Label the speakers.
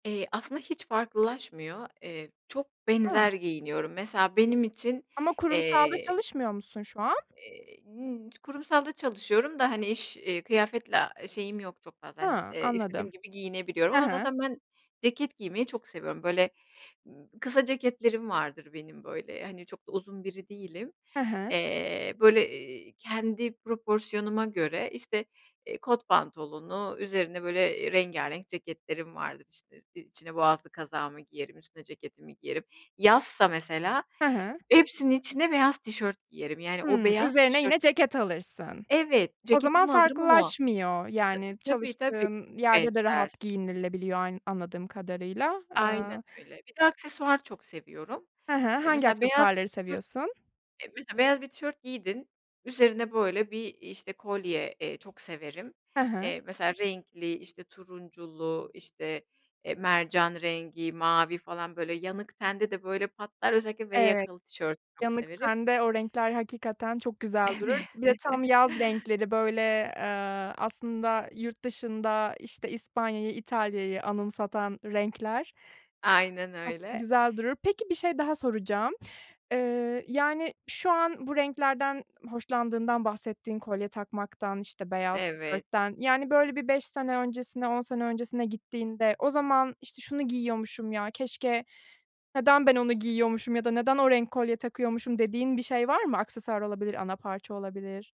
Speaker 1: Eee, aslında hiç farklılaşmıyor. Eee, çok
Speaker 2: Hı.
Speaker 1: benzer giyiniyorum. Mesela benim için,
Speaker 2: Ama kurumsalda
Speaker 1: eee.
Speaker 2: çalışmıyor musun şu an?
Speaker 1: Eee, n kurumsalda çalışıyorum da, hani, iş, eee, kıyafetle şeyim yok çok fazla, hani, s
Speaker 2: Hıı,
Speaker 1: eee, istediğim
Speaker 2: anladım.
Speaker 1: gibi giyinebiliyorum
Speaker 2: Hı
Speaker 1: ama
Speaker 2: hı.
Speaker 1: zaten ben ceket giymeyi çok seviyorum. Böyle, kısa ceketlerim vardır benim, böyle, hani, çok da uzun biri değilim.
Speaker 2: Hı hı.
Speaker 1: Eee, böyle, eee, kendi proporsiyonuma göre, işte, eee, kot pantolonu, üzerine, böyle, rengarenk ceketlerim vardır. İşte, içine boğazlı kazağımı giyerim, üstüne ceketimi giyerim. Yazsa mesela
Speaker 2: Hı hı.
Speaker 1: hepsinin içine beyaz tişört giyerim, yani, o
Speaker 2: Hımm.
Speaker 1: beyaz
Speaker 2: Üzerine
Speaker 1: tişört
Speaker 2: yine ceket alırsın.
Speaker 1: Evet
Speaker 2: O zaman
Speaker 1: ceketimi alırım ama
Speaker 2: farklılaşmıyor, yani,
Speaker 1: Ta tabii, tabii,
Speaker 2: çalıştığın yerde de
Speaker 1: benzer.
Speaker 2: rahat giyinilebiliyor ay anladığım kadarıyla.
Speaker 1: Aynen
Speaker 2: Iıı.
Speaker 1: öyle, bir de aksesuar çok seviyorum,
Speaker 2: Hı hı.
Speaker 1: eee,
Speaker 2: Hangi
Speaker 1: mesela beyaz bir
Speaker 2: aksesuarları
Speaker 1: tişört,
Speaker 2: seviyorsun?
Speaker 1: eee, mesela beyaz bir tişört giydin, üzerine, böyle, bir, iii, işte kolye, eee, çok severim,
Speaker 2: Hı hı.
Speaker 1: eee, mesela renkli, işte turunculu, işte, eee, mercan rengi mavi falan, böyle, yanık tende de, böyle, patlar özellikle v
Speaker 2: Evet.
Speaker 1: yakalı tişörtü çok
Speaker 2: Yanık
Speaker 1: severim.
Speaker 2: tende o renkler hakikaten çok güzel durur.
Speaker 1: Evet.
Speaker 2: Bir de tam yaz renkleri, böyle, ııı, aslında yurt dışında, işte, İspanya'yı İtalya'yı anımsatan renkler
Speaker 1: Aynen
Speaker 2: çok da
Speaker 1: öyle.
Speaker 2: güzel durur. Peki bir şey daha soracağım, ııı, yani, şu an bu renklerden hoşlandığından bahsettin kolye takmaktan, işte, beyaz
Speaker 1: Evet.
Speaker 2: tişörtten, yani, böyle, bir 5 sene öncesine, 10 sene öncesine gittiğinde o zaman işte, şunu giyiyormuşum, ya, keşke neden ben onu giyiyormuşum ya da neden o renk kolye takıyormuşum dediğin bir şey var mı? Aksesuar olabilir, ana parça olabilir.